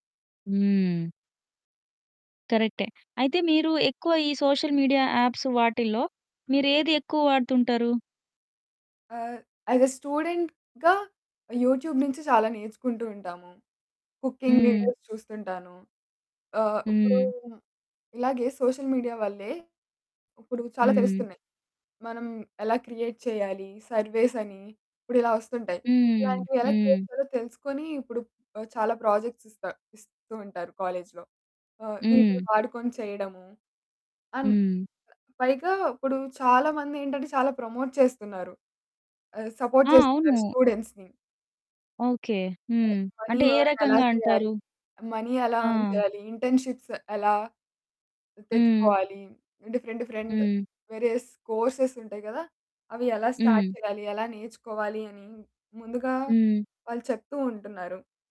హ్మ్. కరెక్టే. అయితే మీరు ఎక్కువ ఈ సోషల్ మీడియా యాప్స్ వాటిల్లో మీరు ఏది ఎక్కువ వాడుతుంటారు? ఆహ్, యాస్ ఎ స్టూడెంట్‌గా యూట్యూబ్ నుంచి చాలా నేర్చుకుంటూ ఉంటాము. కుకింగ్ హ్మ్. వీడియోస్ చూస్తుంటాను. ఆహ్, ఇప్పుడు హ్మ్. ఇలాగే సోషల్ మీడియా వల్లే ఇప్పుడు చాలా హ్మ్. తెలుస్తున్నాయి. మనం ఎలా క్రియేట్ చేయాలి సర్వేస్ అని ఇప్పుడిలా వస్తుంటాయి. హ్మ్. ఇలాంటివి ఎలా క్రియేట్ హ్మ్. చేయాలో తెలుసుకుని ఆహ్, ఇప్పుడు చాలా ప్రాజెక్ట్స్ ఇస్తా ఇస్తూ ఉంటారు కాలేజ్‌లో. ఆహ్, హ్మ్. వీటిని వాడుకుని చేయడము అండ్ హ్మ్. పైగా ఇప్పుడు చాలా మందేంటంటే చాలా ప్రమోట్ చేస్తున్నారు. ఆహ్, సపోర్ట్ ఆ! చేస్తున్నారు అవును. స్టూడెంట్స్‌ని. ఓకే. హ్మ్. మనీ అంటే ఏ ఎర్న్ ఎలా రకంగా చేయాలి? అంటారు? మనీ ఎలా ఎర్న్ ఆ! చేయాలి? ఇంటర్న్‌షిప్స్ ఎలా హ్మ్. తెచ్చుకోవాలి? డిఫరెంట్ డిఫరెంట్ హ్మ్. వేరియస్ కోర్సెస్ ఉంటాయి గదా! అవి ఎలా స్టార్ట్ హ్మ్. చేయాలి? ఎలా నేర్చుకోవాలి? అని ముందుగా హ్మ్. వాళ్లు చెప్తూ ఉంటున్నారు.